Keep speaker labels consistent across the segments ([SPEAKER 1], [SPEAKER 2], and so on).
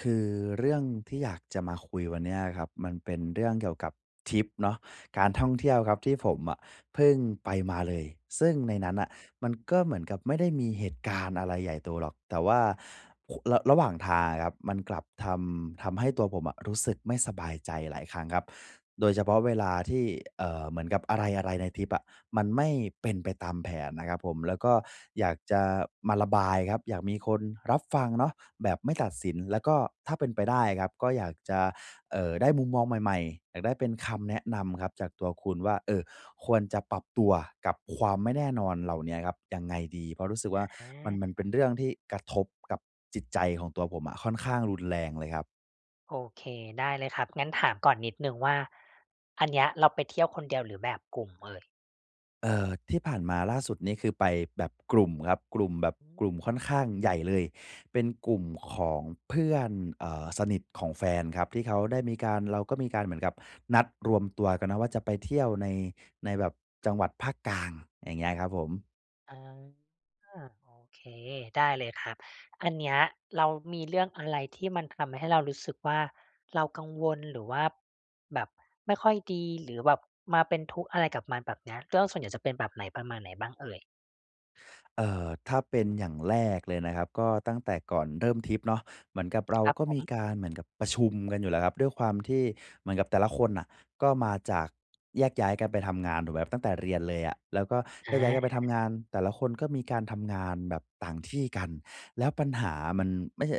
[SPEAKER 1] คือเรื่องที่อยากจะมาคุยวันนี้อะครับ มันเป็นเรื่องเกี่ยวกับทริปเนาะ การท่องเที่ยวครับที่ผมอะเพิ่งไปมาเลย ซึ่งในนั้นน่ะมันก็เหมือนกับไม่ได้มีเหตุการณ์อะไรใหญ่โตหรอก แต่ว่า ค ระหว่างทางอะครับ มันกลับทำ ทำให้ตัวผมอะรู้สึกไม่สบายใจหลายครั้งครับ โดยเฉพาะเวลาที่ เอ่อ เหมือนกับอะไร ๆ ในทริปอะมันไม่เป็นไปตามแผนนะครับผม แล้วก็อยากจะมาระบายครับ อยากมีคนรับฟังเนาะแบบไม่ตัดสิน แล้วก็ถ้าเป็นไปได้ครับก็อยากจะ เอ่อ ได้มุมมองใหม่ ๆ อยากได้เป็นคำแนะนำครับจากตัวคุณว่า เอ่อ ควรจะปรับตัวกับความไม่แน่นอนเหล่าเนี้ยครับยังไงดี? เพราะรู้สึกว่า
[SPEAKER 2] อ
[SPEAKER 1] มัน
[SPEAKER 2] า
[SPEAKER 1] มันเป็นเรื่องที่กระทบกับจิตใจของตัวผมอะค่อนข้างรุนแรงเลยครับ
[SPEAKER 2] โอเค ได้เลยครับ งั้นถามก่อนนิดหนึ่งว่า อันเนี้ยเราไปเที่ยวคนเดียวหรือแบบกลุ่มเอ่ย?
[SPEAKER 1] เอ่อ ที่ผ่านมาล่าสุดนี่คือไปแบบกลุ่มครับ กลุ่มแบบ
[SPEAKER 2] อื
[SPEAKER 1] กลุ่
[SPEAKER 2] ม
[SPEAKER 1] มค่อนข้างใหญ่เลย เป็นกลุ่มของเพื่อน เอ่อ สนิทของแฟนครับ ที่เขาได้มีการ เราก็มีการเหมือนกับนัดรวมตัวกันเนาะว่าจะไปเที่ยวใน ในแบบจังหวัดภาคกลาง อย่างเงี้ยครับผม
[SPEAKER 2] อา โอเค ได้เลยครับ อันเนี้ยเรามีเรื่องอะไรที่มันทำให้เรารู้สึกว่า เรากังวล หรือว่า แบบไม่ค่อยดี หรือแบบมาเป็นทุกข์อะไรกับมัน แบบเนี้ย ก็ ส่วนใหญ่จะเป็นแบบไหน ประมาณไหนบ้างเอ่ย?
[SPEAKER 1] เอ่อ ถ้าเป็นอย่างแรกเลยนะครับ ก็ตั้งแต่ก่อนเริ่มทริปเนาะ เหมือนกับเรา
[SPEAKER 2] ครับ
[SPEAKER 1] ก็
[SPEAKER 2] ผ
[SPEAKER 1] มี
[SPEAKER 2] ม
[SPEAKER 1] การ เหมือนกับประชุมกันอยู่แล้วครับ ด้วยความที่ เหมือนกับแต่ละคนน่ะ ก็มาจาก แยกย้ายกันไปทำงาน ถูกไหมครับ ตั้งแต่เรียนเลยอะ แล้วก็
[SPEAKER 2] อ
[SPEAKER 1] แย
[SPEAKER 2] า
[SPEAKER 1] กย้ายกันไปทำงาน แต่ละคนก็มีการทำงานแบบต่างที่กัน แล้วปัญหามัน ไม่ใช่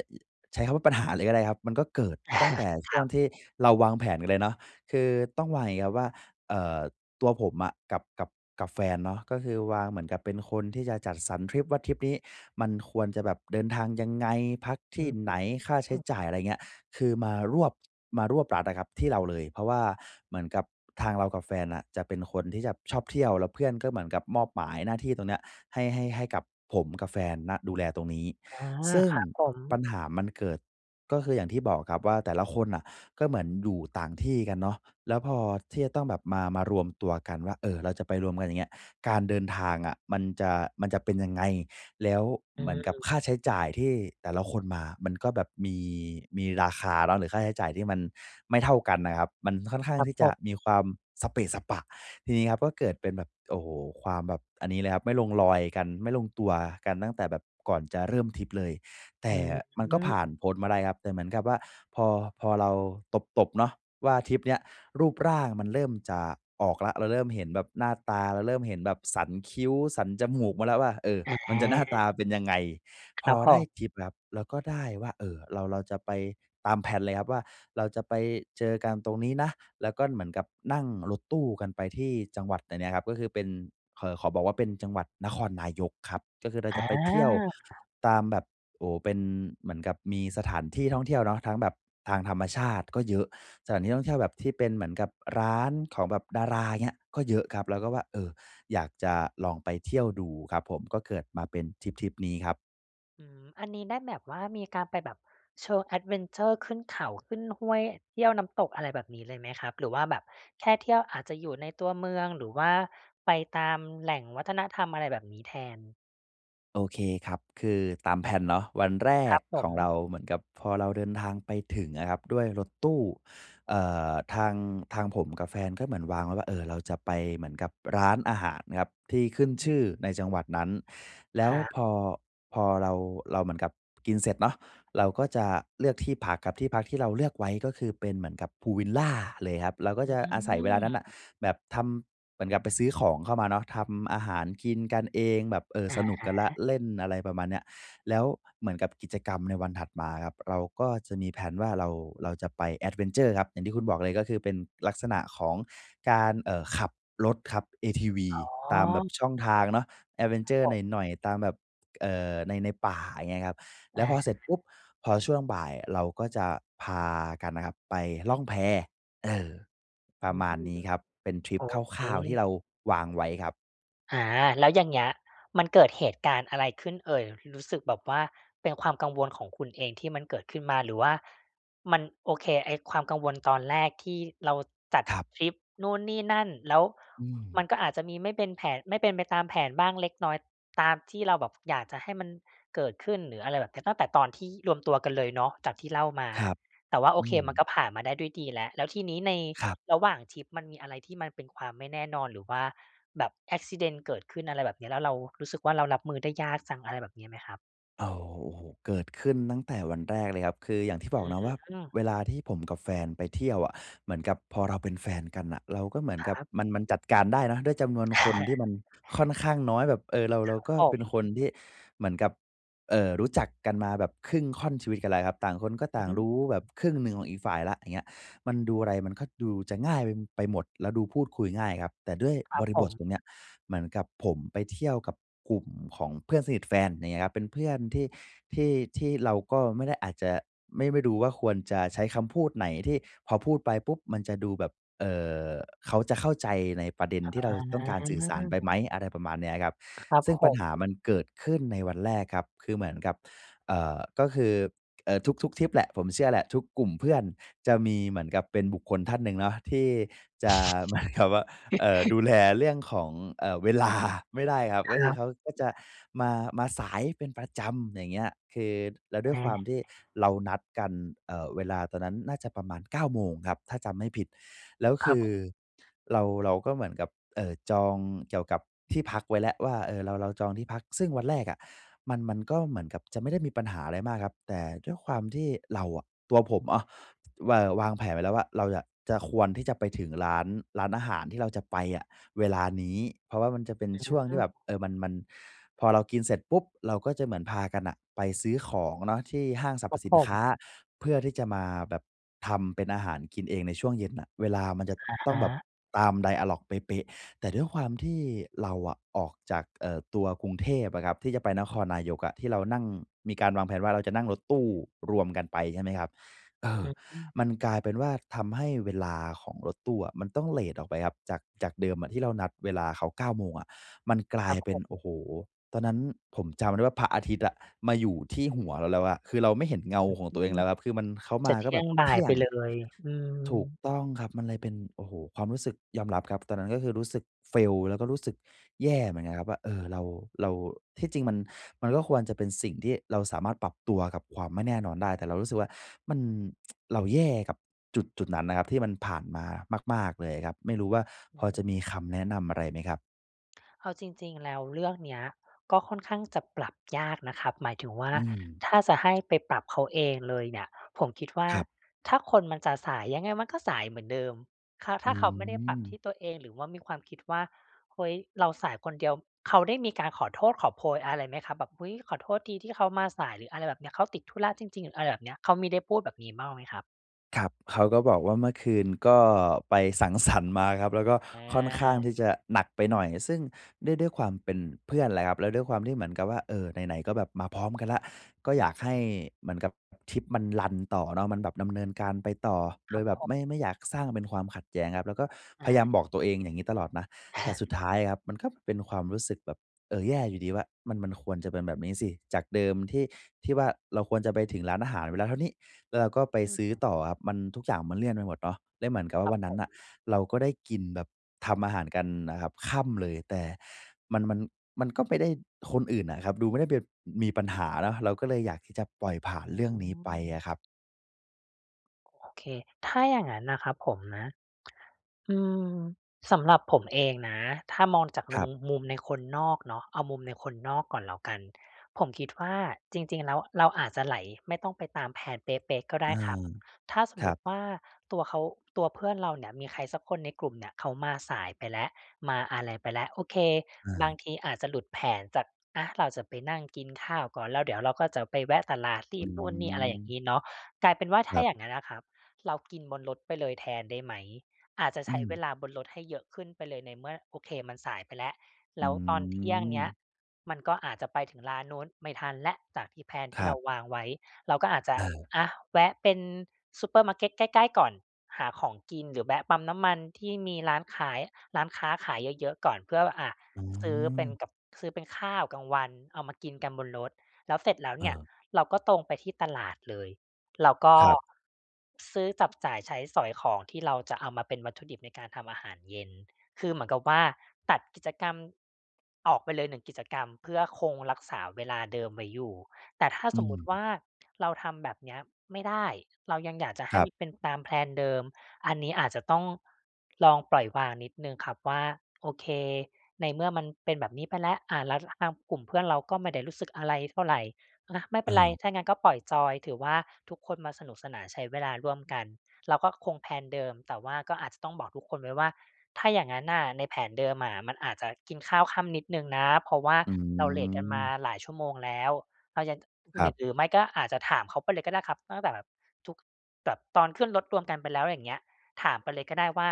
[SPEAKER 1] ใช้คำว่าปัญหาเลยก็ได้ครับ มันก็เกิดตั้งแต่ช
[SPEAKER 2] ค
[SPEAKER 1] ่
[SPEAKER 2] ร
[SPEAKER 1] ว
[SPEAKER 2] ั
[SPEAKER 1] ง
[SPEAKER 2] บ
[SPEAKER 1] ที่เราวางแผนกันเลยเนาะ คือต้องวางยังงี้ครับว่า เอ่อ ตัวผมอะกับ กับ กับแฟนเนาะ ก็คือวาง เหมือนกับเป็นคนที่จะจัดสรรทริปว่า ทริปนี้มันควรจะแบบเดินทางยังไง? พักท
[SPEAKER 2] อ
[SPEAKER 1] ี
[SPEAKER 2] ื้
[SPEAKER 1] ่
[SPEAKER 2] อฮ
[SPEAKER 1] ไหน? ค่าใช้
[SPEAKER 2] ื
[SPEAKER 1] จ่า
[SPEAKER 2] อ
[SPEAKER 1] ย อะไรอย่างเงี้ย คือมารวบ มารวบรัดอะครับ ที่เราเลย เพราะว่าเหมือนกับทางเรากับแฟนอะ จะเป็นคนที่จับชอบเที่ยว แล้วเพื่อนก็เหมือนกับมอบหมายหน้าที่ตรงเนี้ยให้ ให้ ให้กับผมกับแฟนนะ ดูแลตรงนี้
[SPEAKER 2] อา
[SPEAKER 1] ซึ่ง
[SPEAKER 2] ครับผ
[SPEAKER 1] ป
[SPEAKER 2] ม
[SPEAKER 1] ัญหามันเกิด ก็คืออย่างที่บอกครับว่า แต่ละคนน่ะ ก็เหมือนอยู่ต่างที่กันเนาะ แล้วพอที่จะต้องแบบมา มารวมตัวกันว่า เอ่อ เราจะไปรวมกัน อย่างเงี้ย การเดินทางอะมันจะ มันจะเป็นยังไง? แล้ว
[SPEAKER 2] อื
[SPEAKER 1] เหมือนกับค่
[SPEAKER 2] ม
[SPEAKER 1] าใช้จ่ายที่แต่ละคนมา มันก็แบบมี มีราคาเลาะ หรือค่าใช้จ่ายที่มันไม่เท่ากันน่ะครับ มันค่อนข้าง
[SPEAKER 2] ครั
[SPEAKER 1] ท
[SPEAKER 2] บ
[SPEAKER 1] ี่
[SPEAKER 2] ผ
[SPEAKER 1] จะ
[SPEAKER 2] บ
[SPEAKER 1] มีความสะเปะสะปะ ทีนี้ครับก็เกิดเป็นแบบ โอ้โฮ! ความแบบ อันนี้เลยครับ ไม่ลงรอยกัน ไม่ลงตัวกัน ตั้งแต่แบบก่อนจะเริ่มทริปเลย แต
[SPEAKER 2] อ
[SPEAKER 1] ่
[SPEAKER 2] ื้อฮ
[SPEAKER 1] มันก็
[SPEAKER 2] ื
[SPEAKER 1] ผ่าน
[SPEAKER 2] อ
[SPEAKER 1] พ้นมาได้ครับ แต่เหมือนกับว่า พอ พอเราตบ ๆ เนาะว่าทริปเนี้ย รูปร่างมันเริ่มจะออกแล้ว เราเริ่มเห็นแบบหน้าตา เราเริ่มเห็นแบบสันคิ้ว สันจมูกมาแล้วว่า เออ
[SPEAKER 2] อ
[SPEAKER 1] มันจะหน้าตา
[SPEAKER 2] า
[SPEAKER 1] เป็นยังไง พ
[SPEAKER 2] น
[SPEAKER 1] อ
[SPEAKER 2] ับโพ
[SPEAKER 1] ได้
[SPEAKER 2] ้
[SPEAKER 1] ทริปนะครับ เราก็ได้ว่า เอ่อ เรา เราจะไป ตาม แพลน เลยครับว่า เราจะไปเจอกันตรงนี้นะ แล้วก็เหมือนกับนั่งรถตู้กันไปที่จังหวัด แต่เนี้ยครับ ก็คือเป็น ข เอ่อ ขอบอกว่า เป็นจังหวัดนครนายกครับ ก็คือเราจะไปเที่ยว
[SPEAKER 2] อา
[SPEAKER 1] ตามแบบ โอ้โฮ! เป็น เหมือนกับมีสถานที่ท่องเที่ยวเนาะ ทั้งแบบทางธรรมชาติก็เยอะ สถานที่ท่องเที่ยวแบบที่เป็นเหมือนกับร้านของแบบดารา อย่างเงี้ย ก็เยอะครับ เราก็ว่า เออ อยากจะลองไปเที่ยวดูครับผม ก็เกิดมาเป็นทริปทริปนี้ครับ
[SPEAKER 2] อื้อหือ อันนี้ได้แบบว่า มีการไปแบบเชิง แอดเวนเชอร์ ขึ้นเขา ขึ้นห้วย เที่ยวน้ำตก อะไรแบบนี้เลยไหมครับ? หรือว่าแบบแค่เที่ยว อาจจะอยู่ในตัวเมือง หรือว่าไปตามแหล่งวัฒนธรรม อะไรแบบนี้แทน
[SPEAKER 1] โอเคครับ คือตามแพลนเนาะ วันแร
[SPEAKER 2] คร
[SPEAKER 1] ก
[SPEAKER 2] ับผ
[SPEAKER 1] ของเร
[SPEAKER 2] ม
[SPEAKER 1] าเหมือนกับพอเราเดินทางไปถึงอะครับด้วยรถตู้ เอ่อ ทาง ทางผมกับแฟนก็เหมือนวางไว้ว่า เอ่อ เราจะไปเหมือนกับร้านอาหารครับที่ขึ้น
[SPEAKER 2] อ
[SPEAKER 1] ช
[SPEAKER 2] ื
[SPEAKER 1] ื่อ
[SPEAKER 2] ม
[SPEAKER 1] ในจังหวัดนั้น แล้
[SPEAKER 2] ค
[SPEAKER 1] ว
[SPEAKER 2] รับ
[SPEAKER 1] พอ พอเรา เราเหมือนกับกินเสร็จเนาะ เราก็จะเลือกที่พักครับ ที่พักที่เราเลือกไว้ ก็คือเป็นเหมือนกับพูลวิลลาเลยครับ เราก็
[SPEAKER 2] อื
[SPEAKER 1] จะอาศัยเวลานั้นน่ะ
[SPEAKER 2] ม
[SPEAKER 1] แบบทำ เหมือนกับไปซื้อของเข้ามาเนาะ ทำอาหารกินกันเองแบบ เอ่อ
[SPEAKER 2] อะ
[SPEAKER 1] สน
[SPEAKER 2] ฮ
[SPEAKER 1] ุกกันแล้ว
[SPEAKER 2] ะ
[SPEAKER 1] เล่น อะไรประมาณเนี้ย แล้วเหมือนกับกิจกรรมในวันถัดมาครับ เราก็จะมีแพลนว่า เรา เราจะไป แอดเวนเชอร์ ครับ อย่างที่คุณบอกเลย ก็คือเป็นลักษณะของการ เอ่อ ขับรถครับ ATV
[SPEAKER 2] อ๋อ
[SPEAKER 1] ตามแบบช่องทางเนาะ แอดเวน
[SPEAKER 2] ค
[SPEAKER 1] เ
[SPEAKER 2] ร
[SPEAKER 1] ช
[SPEAKER 2] ับ
[SPEAKER 1] อร
[SPEAKER 2] ผ
[SPEAKER 1] ์ ห
[SPEAKER 2] ม
[SPEAKER 1] น่อย ๆ ตามแบบ เอ่อ ใน ในป่า อย่างเงี้ยครับ
[SPEAKER 2] อ
[SPEAKER 1] แล
[SPEAKER 2] ะ
[SPEAKER 1] ้ว
[SPEAKER 2] ฮ
[SPEAKER 1] พ
[SPEAKER 2] ะ
[SPEAKER 1] อเสร็จปุ๊บ พอช่วงบ่ายเราก็จะพากันนะครับไปล่องแพ เออ ป
[SPEAKER 2] อ
[SPEAKER 1] ร
[SPEAKER 2] ื
[SPEAKER 1] ะมา
[SPEAKER 2] ม
[SPEAKER 1] ณนี้ครับ เป็นทริ
[SPEAKER 2] โ
[SPEAKER 1] ป
[SPEAKER 2] อ
[SPEAKER 1] ค
[SPEAKER 2] เค
[SPEAKER 1] ร่าว ๆ ที่เราวางไว้ครับ
[SPEAKER 2] อา แล้วอย่างเงี้ย มันเกิดเหตุการณ์อะไรขึ้นเอ่ย? รู้สึกแบบว่า เป็นความกังวลของคุณเองที่มันเกิดขึ้นมา หรือว่ามัน โอเค ไอ้ความกังวลตอนแรกที่เราจัด
[SPEAKER 1] ครับ
[SPEAKER 2] ทริปนู่นนี่นั่น แล้ว
[SPEAKER 1] อื
[SPEAKER 2] มั
[SPEAKER 1] ม
[SPEAKER 2] นก็อาจจะมีไม่เป็นแผน ไม่เป็นไปตามแผนบ้างเล็กน้อย ตามที่เราแบบอยากจะให้มันเกิดขึ้น หรืออะไรแบบนี้ ตั้งแต่ตอนที่รวมตัวกันเลยเนาะ จากที่เล่ามา
[SPEAKER 1] ครับ
[SPEAKER 2] แต่ว่าโอ
[SPEAKER 1] อื
[SPEAKER 2] เคมัน
[SPEAKER 1] ม
[SPEAKER 2] ก็ผ่านมาได้ด้วยดีแล้ว แล้วทีนี้ใน
[SPEAKER 1] ครับ
[SPEAKER 2] ระหว่างทริป มันมีอะไรที่มันเป็นความไม่แน่นอน หรือว่าแบบ Accident เกิดขึ้น อะไรแบบนี้ แล้วเรารู้สึกว่า เรารับมือได้ยากจัง อะไรแบบนี้ไหมครับ?
[SPEAKER 1] โอ้ โอ้โฮ ๆ เกิดขึ้นตั้งแต่วันแรกเลยครับ คืออย่างที่บ
[SPEAKER 2] อ
[SPEAKER 1] อกเนาะว่า
[SPEAKER 2] ืม
[SPEAKER 1] เวลาที่ผมกับแฟนไปเที่ยวอะ เหมือนกับพอเราเป็นแฟนกันน่ะ เราก็เหมือน
[SPEAKER 2] คร
[SPEAKER 1] กับ
[SPEAKER 2] ับ
[SPEAKER 1] มัน มันจัดการได้เนาะ ด้วยจำนวนคนที่มันค่อนข้างน้อยแบบ เออ เรา
[SPEAKER 2] ค
[SPEAKER 1] เ
[SPEAKER 2] ร
[SPEAKER 1] ร
[SPEAKER 2] ั
[SPEAKER 1] า
[SPEAKER 2] บ
[SPEAKER 1] ก็
[SPEAKER 2] ผ
[SPEAKER 1] เป็นคน
[SPEAKER 2] ม
[SPEAKER 1] ที่เหมือนกับ เอ่อ รู้จักกันมาแบบครึ่งค่อนชีวิตกันแล้วครับ ต่างคนก็ต
[SPEAKER 2] อ
[SPEAKER 1] ่าง
[SPEAKER 2] ืม
[SPEAKER 1] รู้แบบครึ่งหนึ่งของอีกฝ่ายแล้ว อย่างเงี้ย มันดู อะไรมันก็ดูจะง่ายไปหมด แล้วดูพูดคุยง่ายครับ แต่ด้วย
[SPEAKER 2] ครั
[SPEAKER 1] บ
[SPEAKER 2] บ
[SPEAKER 1] ริ
[SPEAKER 2] ผ
[SPEAKER 1] บท
[SPEAKER 2] ม
[SPEAKER 1] ตรงเนี้ย เหมือนกับผมไปเที่ยวกับกลุ่มของเพื่อนสนิทแฟน อย่างเงี้ยครับ เป็นเพื่อนที่ ที่ ที่เราก็ไม่ได้อาจจะไม่ ไม่รู้ว่า ควรจะใช้คำพูดไหน ที่พอพูดไปปุ๊บมันจะดูแบบ เอ่อ เขาจะเข้าใจในประเด็น
[SPEAKER 2] อ
[SPEAKER 1] ที่เราต้องการสื่อสารไปไ
[SPEAKER 2] า
[SPEAKER 1] หม อะไรประมาณเนี้ยอะครับ
[SPEAKER 2] ครับ
[SPEAKER 1] ซึ่ง
[SPEAKER 2] ผ
[SPEAKER 1] ปัญหา
[SPEAKER 2] ม
[SPEAKER 1] มันเกิดขึ้นในวันแรกครับ คือเหมือนกับ เอ่อ ก็คือ เอ่อ ทุก ๆ ทริปแหละ ผมเชื่อแหละ ทุกกลุ่มเพื่อนจะมีเหมือนกับเป็นบุคคลท่านหนึ่งเนาะ ที่จะ เหมือนกับว่า เอ่อ ดูแลเรื่องของ เอ่อ เวลา ไม่ได้ครับ
[SPEAKER 2] ค
[SPEAKER 1] ก็ค
[SPEAKER 2] ร
[SPEAKER 1] ื
[SPEAKER 2] ั
[SPEAKER 1] อเขา
[SPEAKER 2] บ
[SPEAKER 1] ก็จะมา มาสายเป็นประจำ อย่างเงี้ย คือแล้ว
[SPEAKER 2] อื
[SPEAKER 1] ด้วยคว
[SPEAKER 2] ม
[SPEAKER 1] ามที่เรานัดกัน เอ่อ เวลาตอนนั้นน่าจะประมาณ 9 โมงครับ ถ้าจำไม่ผิด แล้ว
[SPEAKER 2] ค
[SPEAKER 1] ค
[SPEAKER 2] รั
[SPEAKER 1] ือ
[SPEAKER 2] บ
[SPEAKER 1] เรา เราก็เหมือนกับ เอ่อ จองเกี่ยวกับที่พักไว้แล้วว่า เออ เรา เราจองที่พัก ซึ่งวันแรกอะ มัน มันก็เหมือนกับจะไม่ได้มีปัญหาอะไรมากครับ แต่ด้วยความที่เราอะ ตัวผมอะ ว เอ่อ วางแผนไว้แล้วว่า เราจะ จะ ควรที่จะไปถึงร้าน ร้านอาหารที่เราจะไปอะเวลานี้ เพราะว่ามันจะเป็น
[SPEAKER 2] อ
[SPEAKER 1] ช่วงที่
[SPEAKER 2] ื
[SPEAKER 1] แ
[SPEAKER 2] ม
[SPEAKER 1] บบ เออ มัน มัน พอเรากินเสร็จปุ๊บเราก็จะเหมือนพากันน่ะ ไปซื้อของเนาะที่ห้างสร
[SPEAKER 2] คร
[SPEAKER 1] รพ
[SPEAKER 2] ับ
[SPEAKER 1] ส
[SPEAKER 2] ผ
[SPEAKER 1] ินค้า
[SPEAKER 2] ม
[SPEAKER 1] เพื่อที่จะมาแบบทำเป็นอาหารกินเองในช่วงเย็นน่ะ เวลามันจะ
[SPEAKER 2] อะ
[SPEAKER 1] ต้
[SPEAKER 2] ฮ
[SPEAKER 1] องแบบ
[SPEAKER 2] ะ
[SPEAKER 1] ตาม ไดอะลอก เป๊ะ ๆ แต่ด้วยความที่เราอะออกจาก เอ่อ ตัวกรุงเทพอะครับ ที่จะไปนครนายกอะ ที่เรานั่งมีการวางแผนว่าเราจะนั่งรถตู้รวมกันไป ใช่ไหมครับ เออ
[SPEAKER 2] อืม
[SPEAKER 1] มันกลายเป็นว่า ทำให้เวลาของรถตู้อะมันต้องเลตออกไปครับ จาก จากเดิมอะที่เรานัดเวลาเขา 9 โมงอะ มันกล
[SPEAKER 2] ค
[SPEAKER 1] า
[SPEAKER 2] ร
[SPEAKER 1] ย
[SPEAKER 2] ับ
[SPEAKER 1] เป
[SPEAKER 2] ผ
[SPEAKER 1] ็น โอ
[SPEAKER 2] ม
[SPEAKER 1] ้โฮ ตอนนั้นผมจำได้ว่า พระอาทิตย์อะมาอยู่ที่หัวเราแล้วอะ คือเราไม่เห็นเงาของตัวเองแล้วครับ คือมัน เขา
[SPEAKER 2] จ
[SPEAKER 1] ม
[SPEAKER 2] ะ
[SPEAKER 1] า
[SPEAKER 2] เท
[SPEAKER 1] ก็
[SPEAKER 2] ี่
[SPEAKER 1] แบ
[SPEAKER 2] ยง
[SPEAKER 1] บ
[SPEAKER 2] บ่
[SPEAKER 1] เท
[SPEAKER 2] าย
[SPEAKER 1] ี่
[SPEAKER 2] ไป
[SPEAKER 1] ยง
[SPEAKER 2] เลย อื
[SPEAKER 1] ถูก
[SPEAKER 2] ม
[SPEAKER 1] ต้องครับ มันเลยเป็น โอ้โฮ ความรู้สึก ยอมรับครับตอนนั้น ก็คือรู้สึก fail แล้วก็รู้สึกแย่เหมือนกันครับว่า เอ่อ เรา เรา ที่จริงมัน มันก็ควรจะเป็นสิ่งที่เราสามารถปรับตัวกับความไม่แน่นอนได้ แต่เรารู้สึกว่ามัน เราแย่กับจุด ๆ นั้นนะครับ ที่มันผ่านมามาก ๆ เลยครับ ไม่รู้ว่า
[SPEAKER 2] อื
[SPEAKER 1] พอ
[SPEAKER 2] ม
[SPEAKER 1] จะม
[SPEAKER 2] อ
[SPEAKER 1] ีค
[SPEAKER 2] ือ ๆ
[SPEAKER 1] ำแนะนำอะไรไหมครับ?
[SPEAKER 2] เอาจริง ๆ แล้วเรื่องเนี้ย ก็ค่อนข้างจะปรับยากนะครับ หมายถึงว่า
[SPEAKER 1] อืม
[SPEAKER 2] ถ้าจะให้ไปปรับเขาเองเลยเนี่ย ผมคิดว่า
[SPEAKER 1] ครับ
[SPEAKER 2] ถ้าคนมันจะสายยังไงมันก็สายเหมือนเดิม เขา ถ
[SPEAKER 1] อื
[SPEAKER 2] ้าเขาไม่ได้ปรับที
[SPEAKER 1] ม
[SPEAKER 2] ่ตัวเอง หรือว่ามีความคิดว่า เฮ้ย เราสายคนเดียว เขาได้มีการขอโทษขอโพยอะไรไหมครับ? แบบ อุ๊ย ขอโทษทีที่เขามาสาย หรืออะไรแบบนี้ เขาติดธุระจริง ๆ อะไรแบบนี้ เขามีได้พูดแบบนี้บ้างไหมครับ?
[SPEAKER 1] ครับ เขาก็บอกว่าเมื่อคืนก็ไปสัง สรรค์ มาครับ แล้วก็
[SPEAKER 2] อ
[SPEAKER 1] ค่อนข้าง
[SPEAKER 2] า
[SPEAKER 1] ที่จะหนักไปหน่อย ซึ่งด้วย ด้วยความเป็นเพื่อนแหละครับ แล้วด้วยความที่เหมือนกับว่า เออ ไหน ๆ ก็แบบมาพร้อมกันแล้ว ก็
[SPEAKER 2] อื
[SPEAKER 1] อยากให้
[SPEAKER 2] ม
[SPEAKER 1] เหมือนกับทริปมันรันต่อเนาะ มันแบบดำเนินการไปต่อ
[SPEAKER 2] ค
[SPEAKER 1] โด
[SPEAKER 2] รับ
[SPEAKER 1] ยแบ
[SPEAKER 2] ผ
[SPEAKER 1] บ
[SPEAKER 2] ม
[SPEAKER 1] ไม่ ไม่อยากสร้างเป็นความขัดแย้งครับ แล้วก็พ
[SPEAKER 2] อ
[SPEAKER 1] ยายา
[SPEAKER 2] า
[SPEAKER 1] มบอกตัวเองอย่างงี้ตลอดนะ แต่สุดท้ายครับมันก็เป็นความรู้สึกแบบ เออ แย่อยู่ดีว่ามัน มันควรจะเป็นแบบนี้สิ จากเดิมที่ ที่ว่าเราควรจะไปถึงร้านอาหารเวลาเท่านี้ แล้วเราก็ไป
[SPEAKER 2] อ
[SPEAKER 1] ซื้อ
[SPEAKER 2] ืม
[SPEAKER 1] ต่ออะครับ มัน ทุกอย่างมันเลื่อนไปหมดเนาะ ได้เหมือนกับว่
[SPEAKER 2] ค
[SPEAKER 1] า
[SPEAKER 2] ร
[SPEAKER 1] ว
[SPEAKER 2] ับ
[SPEAKER 1] ันนั
[SPEAKER 2] ผ
[SPEAKER 1] ้น
[SPEAKER 2] ม
[SPEAKER 1] น่ะเราก็ได้กินแบบทำอาหารกันน่ะครับค่ำเลย แต่มัน มัน มันก็ไม่ได้ คนอื่นอะครับ ดูไม่ได้เป็น มีปัญหาเนาะ เราก็เลยอยากที่จะปล่อยผ่า
[SPEAKER 2] อ
[SPEAKER 1] นเรื่องนี้ไป
[SPEAKER 2] ือ
[SPEAKER 1] อะครับ
[SPEAKER 2] โอเค ถ้าอย่างงั้นนะครับผมนะ อืม สำหรับผมเองนะ ถ้ามองจาก
[SPEAKER 1] ค
[SPEAKER 2] มุ
[SPEAKER 1] รั
[SPEAKER 2] ม
[SPEAKER 1] บ
[SPEAKER 2] มุมในคนนอกเนาะ เอามุมในคนนอกก่อนแล้วกัน ผมคิดว่าจริง ๆ แล้วเราอาจจะไหลไม่ต้องไปตาม แพลน เป๊ะ ๆ ก็ไ
[SPEAKER 1] เ
[SPEAKER 2] ด
[SPEAKER 1] อ
[SPEAKER 2] ้
[SPEAKER 1] อ
[SPEAKER 2] ครับ ถ้าส
[SPEAKER 1] ค
[SPEAKER 2] ม
[SPEAKER 1] ร
[SPEAKER 2] มุ
[SPEAKER 1] ั
[SPEAKER 2] ต
[SPEAKER 1] บ
[SPEAKER 2] ิว่า ตัวเขา ตัวเพื่อนเราเนี่ยมีใครสักคนในกลุ่มเนี่ยเขามาสายไปแล้ว มาอะไรไปแล้ว โอเค
[SPEAKER 1] อ
[SPEAKER 2] บาง
[SPEAKER 1] า
[SPEAKER 2] ทีอาจจะหลุดแผนจาก อะ เราจะไปนั่งกินข้าวก่อน แล้วเดี๋ยวเราก็จะไปแวะตลาด รี
[SPEAKER 1] อื
[SPEAKER 2] บนู่นนี่ อะไรอย่าง
[SPEAKER 1] ม
[SPEAKER 2] นี้เนาะ กลายเป็นว่า ถ
[SPEAKER 1] ค
[SPEAKER 2] ้
[SPEAKER 1] ร
[SPEAKER 2] า
[SPEAKER 1] ับ
[SPEAKER 2] อย่างนั้นนะครับ เรากินบนรถไปเลยแทนได้ไหม? อาจจะ
[SPEAKER 1] อ
[SPEAKER 2] ใ
[SPEAKER 1] ื
[SPEAKER 2] ช้เว
[SPEAKER 1] ม
[SPEAKER 2] ลาบนรถให้เยอะขึ้นไปเลยในเมื่อ โอเคมันสายไปแล้ว
[SPEAKER 1] อ
[SPEAKER 2] แล
[SPEAKER 1] ื
[SPEAKER 2] ้วตอนเที่ยงเนี้ย
[SPEAKER 1] ม
[SPEAKER 2] มันก็อาจจะไปถึงร้านนู้นไม่ทันแล้ว จากที่ แพลน
[SPEAKER 1] ค
[SPEAKER 2] ที่
[SPEAKER 1] ร
[SPEAKER 2] เ
[SPEAKER 1] ั
[SPEAKER 2] ร
[SPEAKER 1] บ
[SPEAKER 2] าวางไว้ เราก็อาจจะ
[SPEAKER 1] เออ
[SPEAKER 2] อะ แวะเป็นซูเปอร์มาร์เก็ตใกล้ ๆ ก่อน หาของกินหรือแวะปั๊มน้ำมันที่มีร้านขาย ร้านค้าขายเยอะ ๆ ก่อนเพื่อ อ่า
[SPEAKER 1] อื
[SPEAKER 2] ซื้อเป็น
[SPEAKER 1] ม
[SPEAKER 2] กับ ซื้อเป็นข้าวกลางวันเอามากินกันบนรถ แล้วเสร็จแล้ว
[SPEAKER 1] เ
[SPEAKER 2] เนี่ย
[SPEAKER 1] ออ
[SPEAKER 2] เราก็ตรงไปที่ตลาดเลย เราก็
[SPEAKER 1] ครับ
[SPEAKER 2] ซื้อ จับจ่ายใช้สอยของที่เราจะเอามาเป็นวัตถุดิบในการทำอาหารเย็น คือเหมือนกับว่า ตัดกิจกรรมออกไปเลยหนึ่งกิจกรรมเพื่อคงรักษาเวลาเดิมไว้อยู่ แต่ถ้า
[SPEAKER 1] อ
[SPEAKER 2] สมมุติว
[SPEAKER 1] ืม
[SPEAKER 2] ่า เราทำแบบเนี้ยไม่ได้ เรายังอยากจะให
[SPEAKER 1] ค
[SPEAKER 2] ้
[SPEAKER 1] รั
[SPEAKER 2] ม
[SPEAKER 1] บ
[SPEAKER 2] ันเป็นตาม แพลน เดิม อันนี้อาจจะต้อง ลองปล่อยวางนิดหนึ่งครับว่า โอเค ในเมื่อมันเป็นแบบนี้ไปแล้ว อ่า แล้วทางกลุ่มเพื่อนเราก็ไม่ได้รู้สึกอะไรเท่าไร อะ ไม่เป
[SPEAKER 1] เ
[SPEAKER 2] ็นไร
[SPEAKER 1] ออ
[SPEAKER 2] ถ้างั้นก็ปล่อยจอย ถือว่าทุกคนมาสนุกสนานใช้เวลาร่วมกัน เราก็คง แพลน เดิม แต่ว่าก็อาจจะต้องบอกทุกคนไว้ว่า ถ้าอย่างงั้นน่ะในแผนเดิมอะ มันอาจจะกินข้าวค่ำนิดหนึ่งนะ เพราะว่า
[SPEAKER 1] อื
[SPEAKER 2] เราเลทกันมา
[SPEAKER 1] ม
[SPEAKER 2] หลายชั่วโมงแล้ว เรายัง
[SPEAKER 1] ครับ
[SPEAKER 2] หรือไม่ก็อาจจะถามเขาไปเลยก็ได้ครับ ตั้งแต่แบบ ทุก แบบตอนขึ้นรถรวมกันไปแล้วอย่างเงี้ย ถามไปเลยก็ได้ว่า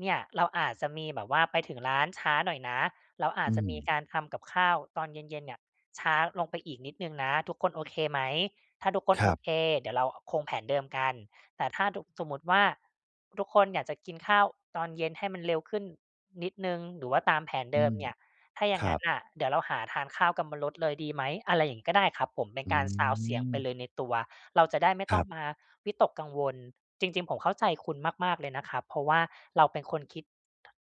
[SPEAKER 2] เนี่ยเราอาจจะมีแบบว่าไปถึงร้านช้าหน่อยนะ เราอา
[SPEAKER 1] อ
[SPEAKER 2] จ
[SPEAKER 1] ื
[SPEAKER 2] จะมี
[SPEAKER 1] ม
[SPEAKER 2] การทำกับข้าวตอนเย็น ๆ เนี่ยช้าลงไปอีกนิดหนึ่งนะ ทุกคนโอเคไหม ถ้าทุกคน
[SPEAKER 1] คร
[SPEAKER 2] โอ
[SPEAKER 1] ับ
[SPEAKER 2] เค เดี๋ยวเราคงแผนเดิมกัน แต่ถ้าทุก สมมุติว่า ทุกคนอยากจะกินข้าวตอนเย็นให้มันเร็วขึ้นนิดหนึ่ง หรือว่าตามแผน
[SPEAKER 1] อื
[SPEAKER 2] เดิม
[SPEAKER 1] ม
[SPEAKER 2] เนี่ย ถ้าอ
[SPEAKER 1] ค
[SPEAKER 2] ย่าง
[SPEAKER 1] ร
[SPEAKER 2] ง
[SPEAKER 1] ั
[SPEAKER 2] ั้
[SPEAKER 1] บ
[SPEAKER 2] นน่ะ เดี๋ยวเราหาทานข้าวกันบนรถเลยดีไหม? อะไรอย่างนี้ก็ได้ครับผม เป็น
[SPEAKER 1] อ
[SPEAKER 2] การซาวนด์เสียงไปเ
[SPEAKER 1] ืม
[SPEAKER 2] ลยในตัว เราจะได้ไม่
[SPEAKER 1] ค
[SPEAKER 2] ต
[SPEAKER 1] ร
[SPEAKER 2] ้อ
[SPEAKER 1] ั
[SPEAKER 2] ง
[SPEAKER 1] บ
[SPEAKER 2] มาวิตกกังวล จริง ๆ ผมเข้าใจคุณมาก ๆ เลยนะครับ เพราะว่าเราเป็นคนคิด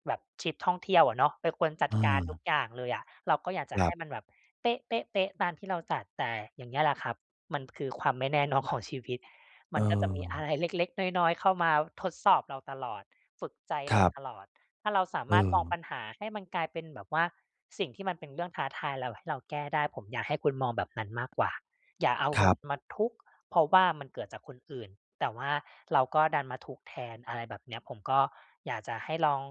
[SPEAKER 2] แบบทริปท่องเที่ยวอะเนาะ เป็นคนจั
[SPEAKER 1] เ
[SPEAKER 2] ดการทุก
[SPEAKER 1] ออ
[SPEAKER 2] อย่างเลยอะ เราก็อยากจะ
[SPEAKER 1] ค
[SPEAKER 2] ใ
[SPEAKER 1] ร
[SPEAKER 2] ห
[SPEAKER 1] ับ
[SPEAKER 2] ้มันแบบเป๊ะ ๆ ๆ ตามที่เราจัด แต่อย่างเงี้ยแหละครับ มันคือความไม่แน่ นอน ของชีวิต
[SPEAKER 1] เ
[SPEAKER 2] มันก็จะมี อ
[SPEAKER 1] ออ
[SPEAKER 2] ะไรเล็ก ๆ น้อย ๆ เข้ามาทดสอบเราตลอด ฝึกใจ
[SPEAKER 1] ค
[SPEAKER 2] เร
[SPEAKER 1] ร
[SPEAKER 2] า
[SPEAKER 1] ับ
[SPEAKER 2] ตลอด ถ้าเราสา
[SPEAKER 1] เ
[SPEAKER 2] มารถมอง
[SPEAKER 1] ออ
[SPEAKER 2] ปัญหาให้มันกลายเป็นแบบว่า สิ่งที่มันเป็นเรื่องท้าทาย แล้วให้เราแก้ได้ ผมอยากให้คุณมองแบบนั้นมากกว่า อย่าเอา
[SPEAKER 1] ค
[SPEAKER 2] ม
[SPEAKER 1] ร
[SPEAKER 2] ั
[SPEAKER 1] ั
[SPEAKER 2] น
[SPEAKER 1] บ
[SPEAKER 2] มาทุกข์ เพราะว่ามันเกิดจากคนอื่น แต่ว่าเราก็ดันมาทุกข์แทน อะไรแบบเนี้ย ผมก็อยากจะให้ลอง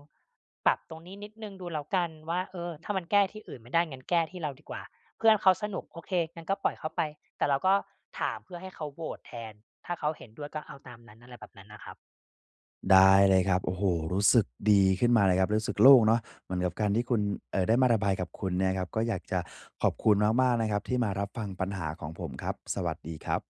[SPEAKER 2] ปรับตรงนี้นิดหนึ่งดูแล้วกันว่า เออ ถ้ามันแก้ที่อื่นไม่ได้ งั้นแก้ที่เราดีกว่า เพื่อนเขาสนุกโอเค งั้นก็ปล่อยเขาไป แต่เราก็ถามเพื่อให้เขาโหวตแทน ถ้าเขาเห็นด้วยก็เอาตามนั้น อะไรแบบนั้นนะครับ
[SPEAKER 1] ได้เลยครับ โอ้โฮ! รู้สึกดีขึ้นมาเลยครับ รู้สึกโล่งเนาะ เหมือนกับการที่คุณ เอ่อ ได้มาระบายกับคุณเนี่ยนะครับ ก็อยากจะขอบคุณมาก ๆ นะครับที่มารับฟังปัญหาของผมครับ สวัสดีครับ